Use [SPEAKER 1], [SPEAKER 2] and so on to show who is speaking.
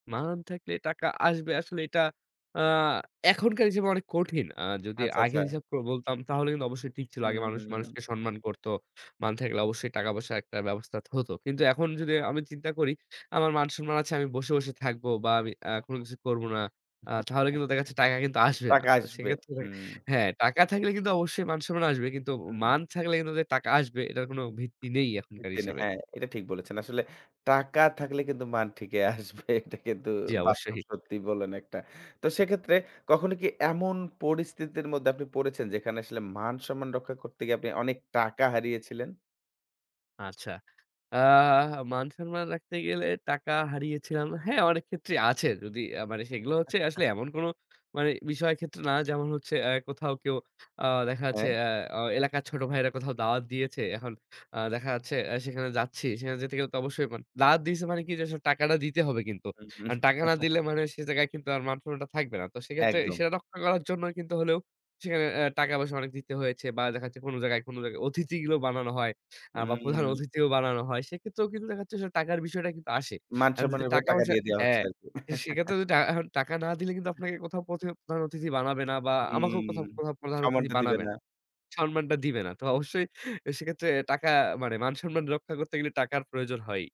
[SPEAKER 1] মান থাকলে টাকা আসবে। আসলে এটা আ এখনকার হিসেবে অনেক কঠিন। আর যদি
[SPEAKER 2] আচ্ছা,
[SPEAKER 1] আগের
[SPEAKER 2] আচ্ছা।
[SPEAKER 1] হিসাব করে বলতাম তাহলে কিন্তু অবশ্যই ঠিক ছিল।
[SPEAKER 2] হু,
[SPEAKER 1] আগে
[SPEAKER 2] হু,
[SPEAKER 1] মানুষ মানুষকে
[SPEAKER 2] হু।
[SPEAKER 1] সম্মান করত। মান থাকলে অবশ্যই টাকা-পয়সার একটা ব্যবস্থা হত। কিন্তু এখন যদি আমি চিন্তা করি, আমার মান-সম্মান আছে, আমি বসে, বসে থাকব বা আমি আ কোন কিছু করব না, আ তাহলে কিন্তু দেখাচ্ছে টাকা কিন্তু আসবে না।
[SPEAKER 2] টাকা
[SPEAKER 1] তো
[SPEAKER 2] আসবে
[SPEAKER 1] সেক্ষেত্রে
[SPEAKER 2] হুম।
[SPEAKER 1] হ্যা, টাকা থাকলে কিন্তু অবশ্যই মান-সম্মান আসবে। কিন্তু
[SPEAKER 2] হুম
[SPEAKER 1] মান থাকলে কিন্তু যে টাকা আসবে এটার কোনো ভিত্তি নেই এখনকার
[SPEAKER 2] [unintelligible]
[SPEAKER 1] হিসাবে।
[SPEAKER 2] হ্যা, এটা ঠিক বলেছেন। আসলে টাকা থাকলে কিন্তু মান ঠিকই আসবে। এটা কিন্তু
[SPEAKER 1] জি,
[SPEAKER 2] বাস্তব
[SPEAKER 1] অবশ্যই।
[SPEAKER 2] সত্যি বলেন একটা। তো সেক্ষেত্রে কখনো কি এমন পরিস্থিতির মধ্যে আপনি পড়েছেন যেখানে আসলে মান-সম্মান রক্ষা করতে গিয়ে আপনি অনেক টাকা হারিয়েছিলেন?
[SPEAKER 1] আচ্ছা আ মান-সন্মান রাখতে গেলে টাকা হারিয়েছিলাম, হ্যা, অনেক ক্ষেত্রেই আছে যদি মানে সেগুলো হচ্ছে আসলে এমন কোন মানে বিষয়ের ক্ষেত্রে না, যেমন হচ্ছে আ কোথাও কেউ আ দেখা যাচ্ছে,
[SPEAKER 2] হ্যা।
[SPEAKER 1] আ আ এলাকার ছোট ভাইয়েরা কোথাও দাওয়াত দিয়েছে। এখন আ দেখা যাচ্ছে, সেখানে যাচ্ছি। সেখানে যেতে গেলে তো অবশ্যই দাওয়াত দিয়েছে মানে কি যে আসলে টাকাটা দিতে হবে কিন্তু।
[SPEAKER 2] হুম, হুম।
[SPEAKER 1] আর টাকা না দিলে মানে সে জায়গায় কিন্তু মান সন্মানটা থাকবে না। তো সেক্ষেত্রে
[SPEAKER 2] একদম।
[SPEAKER 1] বিষয়টা রক্ষা সেটা করার জন্যও কিন্তু হলেও সেখানে আ টাকা-পয়সা দিতে হয়েছে বা দেখাচ্ছে কোন জায়গায় কোন জায়গায় অতিথিও বানানো হয়, আ বা প্রধান
[SPEAKER 2] হুম।
[SPEAKER 1] অতিথিও বানানো হয়। সেক্ষেত্রেও কিন্তু দেখাচ্ছে আসলে টাকার বিষয়টা কিন্তু আসে।
[SPEAKER 2] মান
[SPEAKER 1] এখন
[SPEAKER 2] সন্মান
[SPEAKER 1] যদি
[SPEAKER 2] এর ব্যাপারে টাকা
[SPEAKER 1] টাকা-পয়সা
[SPEAKER 2] দিয়ে দেওয়া
[SPEAKER 1] হ্যা,
[SPEAKER 2] হচ্ছে আরকি।
[SPEAKER 1] তো সেক্ষেত্রে টা এখন টাকা না দিলে কিন্তু আপনাকে কোথাও অথ প্রধান অতিথি বানাবে না বা
[SPEAKER 2] হুম,
[SPEAKER 1] আমাকেও কোথাও
[SPEAKER 2] হুম
[SPEAKER 1] প্রধান অতিথি
[SPEAKER 2] সন্মানটা দিবে
[SPEAKER 1] বানাবে
[SPEAKER 2] না।
[SPEAKER 1] না। সম্মানটা দিবে না। তো অবশ্যই সেক্ষেত্রে টাকা মানে মান-সম্মান রক্ষা করতে গেলে টাকার প্রয়োজন হয়।